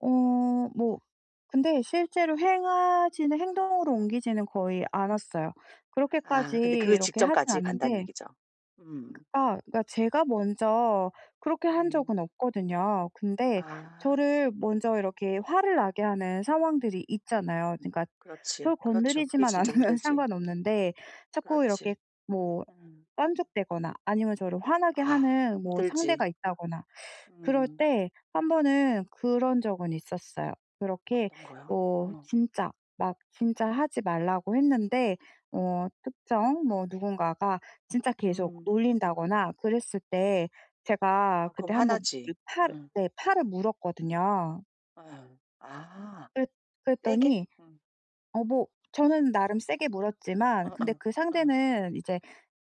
어 뭐 근데 실제로 행하지는 행동으로 옮기지는 거의 않았어요. 그렇게까지 아 근데 그 이렇게 하진 직전까지 간단 않는데 얘기죠. 음. 그 아 그러니까 제가 먼저 그렇게 한 음. 적은 없거든요. 근데 아. 저를 먼저 이렇게 화를 나게 하는 상황들이 있잖아요. 그러니까 그렇지. 저 그렇죠. 그게 건드리지만 진짜 않으면 힘들지. 상관없는데 자꾸 그렇지. 이렇게 뭐 음. 깐죽대거나 아니면 저를 화나게 아 하는 뭐 힘들지. 상대가 있다거나 그럴 음. 때 1 번은 그런 적은 있었어요. 그렇게 어떤 거요? 뭐 어. 진짜 막 진짜 하지 말라고 했는데 어 특정 뭐 누군가가 진짜 계속 음. 놀린다거나 그랬을 때 제가 아 그때 그럼 1 번 요 화나지. 팔을 음. 네 팔을 물었거든요. 예. 아 그랬 세게? 그랬더니 음. 어 뭐 저는 나름 세게 물었지만 어어 근데 그 어. 상대는 이제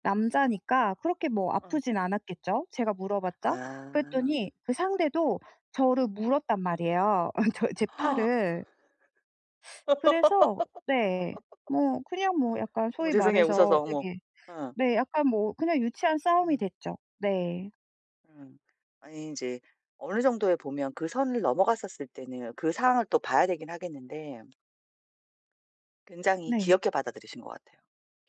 남자니까 그렇게 뭐 어. 아프진 않았겠죠, 제가 물어봤자. 그랬더니 아. 그 상대도 저를 물었단 말이에요, 어 저의 제 팔을. 그래서 네 뭐 그냥 뭐 약간 어머 소위 죄송해요, 웃어서. 말해서 어머 되게 어. 네 약간 뭐 그냥 유치한 싸움이 음. 됐죠. 네. 음. 아니 인제 어느 정도에 보면 그 선을 넘어갔었을 때는 그 상황을 또 봐야 되긴 하겠는데 굉장히 네. 귀엽게 받아들이신 것 같아요.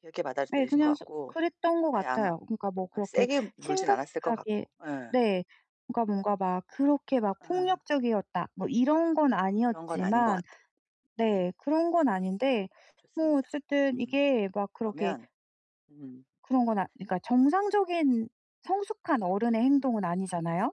귀엽게 네 받아들이신 것 그냥 서 같고 그랬던 것 예 아마 같아요. 그러니까 뭐 아 그렇게 세게 물진 않았을 것 심각하게 같고 예. 네 그러니까 뭔가 막 그렇게 막 아. 폭력적이었다 뭐 이런 건 그런 건 아닌 것 아니었지만 같아. 예. 네 그런 건 아닌데 뭐 좋습니다. 어쨌든 음 이게 막 그렇게 그러면 음. 그런 건 아 그니까 정상적인 성숙한 어른의 행동은 아니잖아요.